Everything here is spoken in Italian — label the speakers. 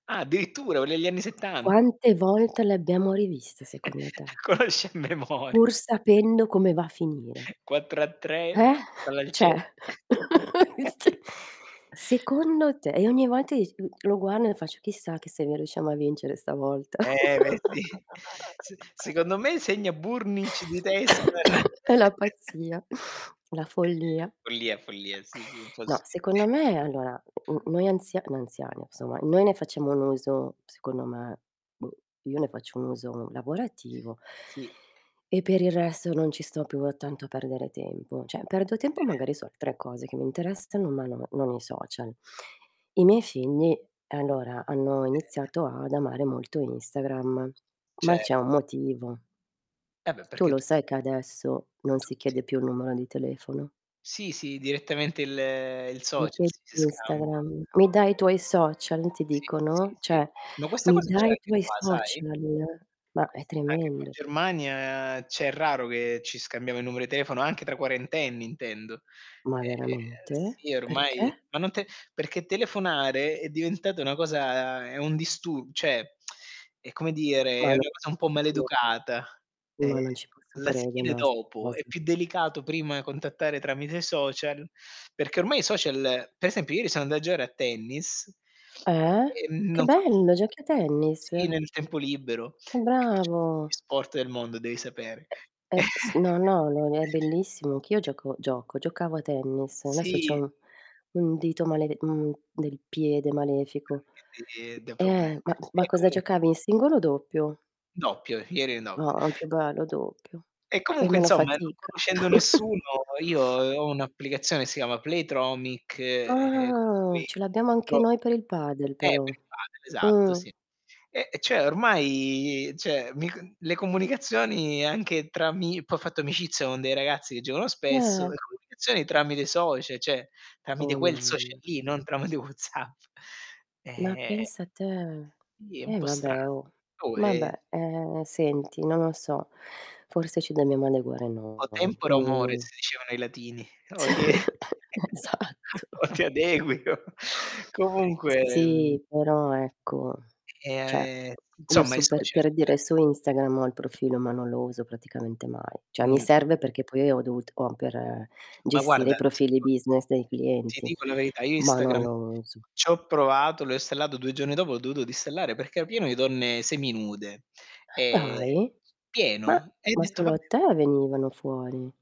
Speaker 1: Ah, addirittura, quelle egli anni settan
Speaker 2: Quante volte l'abbiamo rivista, secondo te?
Speaker 1: Conosci a memori
Speaker 2: Pur sapendo come va a finire.
Speaker 1: 4 a 3 e
Speaker 2: Eh?!
Speaker 1: basta, palla al centro!
Speaker 2: Cioè,, se secondo te e ogni volta dici mhmm, lo guardo e faccio: "Chissà, che se noi riusciamo a vincere stavolta."
Speaker 1: Eh! Beh, eh, sì. S secondo me segna Burgnich di testa.
Speaker 2: È la pazzia, la follia.
Speaker 1: Follia, follia. Sì, sì.
Speaker 2: No,
Speaker 1: impossibile.
Speaker 2: secondo me è allora, m mhmm, noi anzia noi anziani, insomma, noi ne facciamo un uso, secondo me boh, io ne faccio un uso lavorativo
Speaker 1: Sì.
Speaker 2: e per il resto non ci sto più a tanto a perdere tempo. Cioè, perdo tempo,
Speaker 1: Eh.
Speaker 2: magari su altre cose che mi interessano, ma no non i social. I miei figli, allora, hanno
Speaker 1: Eh.
Speaker 2: iniziato ad amare molto Instagram,
Speaker 1: Ce
Speaker 2: ma c'è un motivo.
Speaker 1: Eh, beh,
Speaker 2: Tu
Speaker 1: perché
Speaker 2: lo
Speaker 1: tu
Speaker 2: sai che adesso non si
Speaker 1: tutti
Speaker 2: chiede più il numero di telefono?
Speaker 1: Sì, sì, direttamente il il
Speaker 2: Mi
Speaker 1: social
Speaker 2: chiedi
Speaker 1: ci si scambia.
Speaker 2: l'Instagram. "Mi dai i tuoi social?" ti
Speaker 1: Sì, sì,
Speaker 2: dicono,
Speaker 1: sì.
Speaker 2: cioè:
Speaker 1: Ma questa
Speaker 2: "Mi
Speaker 1: cosa c'è
Speaker 2: dai i
Speaker 1: anche
Speaker 2: tuoi
Speaker 1: qua, sai,
Speaker 2: social?" Ma, è
Speaker 1: ques anche qua in
Speaker 2: tremendo.
Speaker 1: Germania cioè, è raro che ci scambiamo i numero di telefono, anche tra quarentenni intendo.
Speaker 2: Ma
Speaker 1: Ehm,
Speaker 2: veramente?
Speaker 1: sì ormai
Speaker 2: Perché?
Speaker 1: ma non te perché telefonare è diventata una cosa è un distu cioè, è, come dire,
Speaker 2: Ma
Speaker 1: è
Speaker 2: non
Speaker 1: una cosa un
Speaker 2: ci
Speaker 1: po'
Speaker 2: posso crede
Speaker 1: maleducata, ehm,
Speaker 2: Ma non ci posso
Speaker 1: la si
Speaker 2: crede
Speaker 1: chiede
Speaker 2: no, a 'sta
Speaker 1: dopo, è
Speaker 2: cosa.
Speaker 1: più delicato prima contattare tramite i social, perché ormai i social per esempio, ieri sono anda a giocare a tennis,
Speaker 2: Eh?
Speaker 1: e
Speaker 2: Che
Speaker 1: non co
Speaker 2: bello, giochi a tennis?
Speaker 1: Sì, nel tempo libero,
Speaker 2: Che
Speaker 1: e faccio tutti
Speaker 2: bravo.
Speaker 1: gli sport del mondo, devi sapere.
Speaker 2: Uhm, s no, no, lo n è bellissimo. Anche io
Speaker 1: E
Speaker 2: gioco gioco giocavo a tennis. Adesso c'ho
Speaker 1: Sì.
Speaker 2: un un dito malede mhmm, del piede
Speaker 1: Ah,
Speaker 2: malefico.
Speaker 1: capi e dà proble
Speaker 2: Eh, ma ma
Speaker 1: Ehm,
Speaker 2: cosa
Speaker 1: comunque
Speaker 2: giocavi in singolo o doppio?
Speaker 1: Doppio, ieri in
Speaker 2: No,
Speaker 1: doppi
Speaker 2: an più bello doppio.
Speaker 1: E
Speaker 2: Fai
Speaker 1: comunque,
Speaker 2: meno
Speaker 1: insomma, non
Speaker 2: fatica.
Speaker 1: conoscendo nessuno, io, uhm, ho un'applicazione che si chiama Playtomic, ehm, con
Speaker 2: Ah!
Speaker 1: cui
Speaker 2: Ce l'abbiamo anche
Speaker 1: [unintelligible]
Speaker 2: noi per il padel
Speaker 1: eh,
Speaker 2: però.
Speaker 1: per il padel, esatto,
Speaker 2: Mh.
Speaker 1: sì. E cioè, ormai cioè, mi con le comunicazioni anche tra ami poi ho fatto amicizia con dei ragazzi che giocano spesso e
Speaker 2: Pe
Speaker 1: comunicazioni tramite i socia cioè, tramite
Speaker 2: Oh,
Speaker 1: quel social
Speaker 2: mamm
Speaker 1: lì, non tramite WhatsApp.
Speaker 2: Ma
Speaker 1: Ehm
Speaker 2: pensa te.
Speaker 1: Sì, è un
Speaker 2: Eh,
Speaker 1: pò strano.
Speaker 2: vabbè, oh.
Speaker 1: Può e
Speaker 2: Vabbè, ehm, senti, non lo so, forse ci dobbiamo adeguare
Speaker 1: "O
Speaker 2: noi.
Speaker 1: tempore, o mores"
Speaker 2: Mh.
Speaker 1: dicevano i latini. O ti è
Speaker 2: Esatto.
Speaker 1: o ti adegui, o Comunque, mhmm
Speaker 2: Sì, però, ecco,
Speaker 1: Ehm,
Speaker 2: cioè
Speaker 1: a ehm,
Speaker 2: io
Speaker 1: insomma, i
Speaker 2: super
Speaker 1: social
Speaker 2: per dire, su Instagram ho il profilo, ma non lo uso praticamente mai. Cioè, mi
Speaker 1: Mh.
Speaker 2: serve perché poi io ho dovut o per
Speaker 1: Ma
Speaker 2: gestire i
Speaker 1: guarda, ti
Speaker 2: profili
Speaker 1: dico
Speaker 2: business dei
Speaker 1: ti
Speaker 2: clienti,
Speaker 1: dico la verità: io
Speaker 2: ma non
Speaker 1: Instagram
Speaker 2: lo uso.
Speaker 1: c'ho provato, l'ho installato 2 giorni dopo, l'ho dovuto disinstallare perché era pieno di donne seminude,
Speaker 2: Eh,
Speaker 1: ehm,
Speaker 2: dai? Ma
Speaker 1: pieno, e ho
Speaker 2: ma
Speaker 1: detto:
Speaker 2: solo
Speaker 1: "Vabbè"
Speaker 2: a te venivano fuori.